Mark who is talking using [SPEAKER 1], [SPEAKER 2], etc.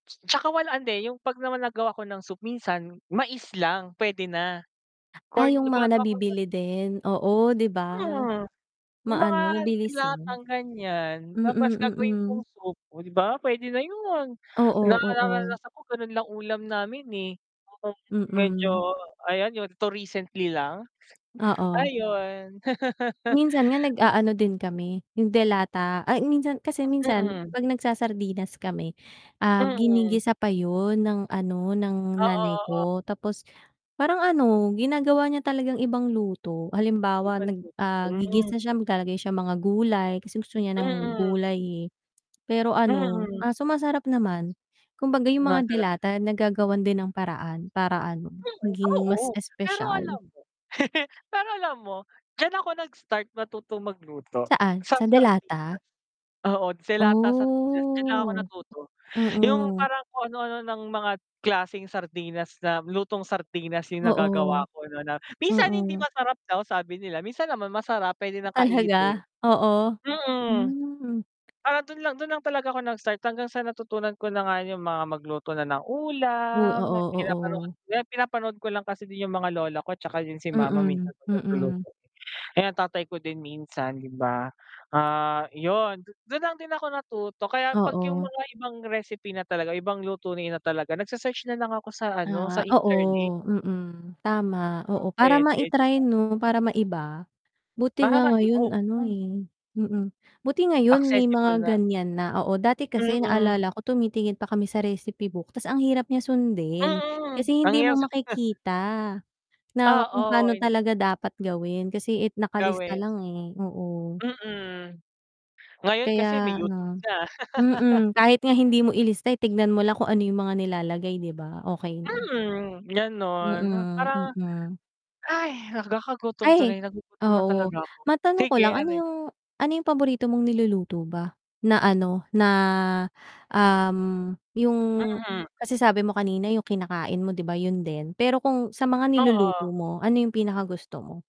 [SPEAKER 1] 'Tsaka wala hindi, yung 'pag naman nagawa ako ng soup minsan mais lang puwede na,
[SPEAKER 2] Ah,
[SPEAKER 1] corn
[SPEAKER 2] yung mga
[SPEAKER 1] gumagawa ko corn.
[SPEAKER 2] nabibili din? Oo 'di ba?
[SPEAKER 1] Hmm, yung mga
[SPEAKER 2] Maano, mabilis lang.
[SPEAKER 1] de-latang ganiyan, tapos
[SPEAKER 2] Mm,
[SPEAKER 1] gagawin
[SPEAKER 2] mm.
[SPEAKER 1] kong soup, oh, 'di ba puwede na yun,
[SPEAKER 2] Oo, oo.
[SPEAKER 1] nararanasan ko ganun lang ulam namin, eh, kung
[SPEAKER 2] Mm.
[SPEAKER 1] medyo ayan yun, 'to recently lang.
[SPEAKER 2] Oo.
[SPEAKER 1] Ayon.
[SPEAKER 2] Minsan nga nag-aano din kami, yung de-lata, ay minsan kasi minsan,
[SPEAKER 1] Mm.
[SPEAKER 2] kapag nagsa-sardinas kami, um,
[SPEAKER 1] Mm.
[SPEAKER 2] ginigisa pa yun, ng ano, ng
[SPEAKER 1] Oo,
[SPEAKER 2] nanay
[SPEAKER 1] oo.
[SPEAKER 2] ko. Tapos parang ano ginagawa niya talagang ibang luto, halimbawa
[SPEAKER 1] Ibang
[SPEAKER 2] nag,
[SPEAKER 1] luto
[SPEAKER 2] ah,
[SPEAKER 1] hmm.
[SPEAKER 2] gigisa siya maglalagay siya mga gulay, kasi gusto niya ng
[SPEAKER 1] Mm.
[SPEAKER 2] gulay, eh. Pero ano,
[SPEAKER 1] Mm.
[SPEAKER 2] ah, sumasarap naman kumbaga yung mga
[SPEAKER 1] Sumasarap
[SPEAKER 2] de-lata nagagawan din ng paraan para ano,
[SPEAKER 1] Oo,
[SPEAKER 2] maging
[SPEAKER 1] oo.
[SPEAKER 2] mas
[SPEAKER 1] Pero
[SPEAKER 2] espesyal.
[SPEAKER 1] alam mo pero alam mo, diyan ako nag-start matutong magluto
[SPEAKER 2] Saan?
[SPEAKER 1] sa
[SPEAKER 2] Sa
[SPEAKER 1] sardinas.
[SPEAKER 2] de-lata?
[SPEAKER 1] Oo, de-lata sardinas diyan lang ako
[SPEAKER 2] Oh.
[SPEAKER 1] natuto yung
[SPEAKER 2] Mm.
[SPEAKER 1] parang kung ano-ano ng mga klaseng sardinas na, lutong sardinas yung
[SPEAKER 2] Oo.
[SPEAKER 1] nagagawa ko no'n na minsan hindi
[SPEAKER 2] Mm.
[SPEAKER 1] masarap daw sabi nila, minsan naman masarap puwede ng
[SPEAKER 2] Talaga?
[SPEAKER 1] kainin.
[SPEAKER 2] Oo,
[SPEAKER 1] Mm,
[SPEAKER 2] hmm.
[SPEAKER 1] ah, dun lang dun lang talaga ako nag-start hanggang sa natutunan ko na nga yung mga magluto na ng
[SPEAKER 2] Hoy
[SPEAKER 1] ulam, mga
[SPEAKER 2] oo,
[SPEAKER 1] pinapanood
[SPEAKER 2] oo.
[SPEAKER 1] pinapanood ko lang kasi din yung mga lola ko 'tsaka yun si mama
[SPEAKER 2] Mm,
[SPEAKER 1] minsan 'pag
[SPEAKER 2] mm.
[SPEAKER 1] nagluluto, eh, ang tatay ko din minsan 'di ba, ah, yun, dun lang din ako natuto kaya 'pag yung
[SPEAKER 2] Oo.
[SPEAKER 1] mga ibang recipe na talaga ibang luto na talaga nagse-search na lang ako sa ano sa
[SPEAKER 2] Ah,
[SPEAKER 1] internet.
[SPEAKER 2] oo, mm, tama,
[SPEAKER 1] Yun,
[SPEAKER 2] oo, para
[SPEAKER 1] puwede 'di
[SPEAKER 2] ma-i-try
[SPEAKER 1] ba?
[SPEAKER 2] no, para maiba. Buti
[SPEAKER 1] Para
[SPEAKER 2] nga
[SPEAKER 1] mai o
[SPEAKER 2] ngayon ano,
[SPEAKER 1] hmm.
[SPEAKER 2] eh mm buti ngayon may
[SPEAKER 1] Accessible
[SPEAKER 2] mga
[SPEAKER 1] na
[SPEAKER 2] ganiyan na, oo dati kasi
[SPEAKER 1] Mm.
[SPEAKER 2] naalala ko tumitingin pa kami sa recipe book ta's ang hirap niya sundin.
[SPEAKER 1] Mm,
[SPEAKER 2] Kasi hindi mo
[SPEAKER 1] nangyari sa
[SPEAKER 2] makikita, na kung
[SPEAKER 1] Oo.
[SPEAKER 2] paano talaga dapat gawin. Kasi it nakalista
[SPEAKER 1] Gawin.
[SPEAKER 2] lang, eh, oo.
[SPEAKER 1] Mm. Ngayon kasi may
[SPEAKER 2] Kaya
[SPEAKER 1] YouTube
[SPEAKER 2] ano
[SPEAKER 1] na.
[SPEAKER 2] mm. Kahit nga hindi mo ilista, eh, tignan mo lang kung ano yung mga nilalagay di ba, okey na.
[SPEAKER 1] Mhm, ganon,
[SPEAKER 2] Mm,
[SPEAKER 1] parang
[SPEAKER 2] mm.
[SPEAKER 1] ay nagkakagutom
[SPEAKER 2] Ay,
[SPEAKER 1] tuloy. Nagugutom na
[SPEAKER 2] oo,
[SPEAKER 1] talaga ako,
[SPEAKER 2] matanong ko
[SPEAKER 1] sige
[SPEAKER 2] lang, ano
[SPEAKER 1] ano yun?
[SPEAKER 2] yung ano yung paborito mong niluluto ba, na ano na, um, yung
[SPEAKER 1] Mhm.
[SPEAKER 2] kasi sabi mo kanina yung kinakain mo 'di ba, yun din, pero kung sa mga niluluto
[SPEAKER 1] Oo.
[SPEAKER 2] mo ano yung pinaka gusto mo?